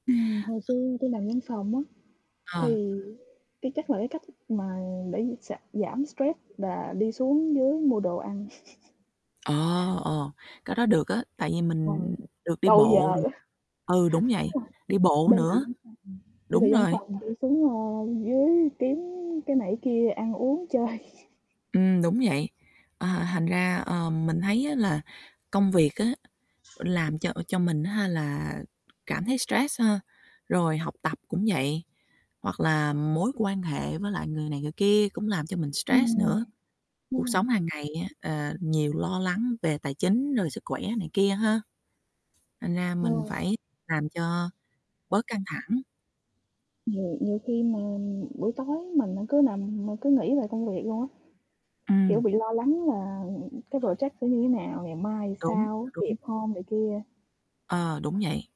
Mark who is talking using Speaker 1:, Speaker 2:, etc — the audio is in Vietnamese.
Speaker 1: Ừm, hồi xưa tôi làm văn phòng á
Speaker 2: [unintelligible]
Speaker 1: thì cái chắc là cái cách mà để giảm giảm stress là đi xuống dưới mua đồ ăn.
Speaker 2: Ờ, ờ, cái đó được á, tại vì mình
Speaker 1: [unintelligible]
Speaker 2: được đi
Speaker 1: Câu giờ
Speaker 2: bộ
Speaker 1: á.
Speaker 2: ừ, đúng vậy, đi bộ nữa.
Speaker 1: [unintelligible] Đi từ văn phòng đi từ
Speaker 2: Đúng
Speaker 1: văn
Speaker 2: rồi.
Speaker 1: phòng đi xuống, ơ, dưới kiếm cái này cái kia ăn uống chơi.
Speaker 2: Ừm, đúng vậy, ờ, thành ra, ờ, mình thấy á là công việc á làm cho ờ, cho mình á ha, là cảm thấy stress ha, rồi học tập cũng vậy. Hoặc là mối quan hệ với lại người này người kia cũng làm cho mình stress
Speaker 1: Ừm,
Speaker 2: nữa.
Speaker 1: đúng
Speaker 2: Cuộc
Speaker 1: rồi.
Speaker 2: sống hàng ngày á, ờ, nhiều lo lắng về tài chính rồi sức khỏe này kia ha. Thành ra mình phải làm
Speaker 1: [unintelligible]
Speaker 2: cho bớt căng thẳng.
Speaker 1: [unintelligible] Nhiều khi mà buổi tối mình á cứ nằm mà cứ nghĩ về công việc luôn á. Kiểu,
Speaker 2: Ừm.
Speaker 1: bị lo lắng là, ừm, ừm, cái project sẽ như thế nào? Ngày mai
Speaker 2: Đúng,
Speaker 1: sao?
Speaker 2: đúng.
Speaker 1: Kịp hông, này kia.
Speaker 2: Ờ, đúng vậy.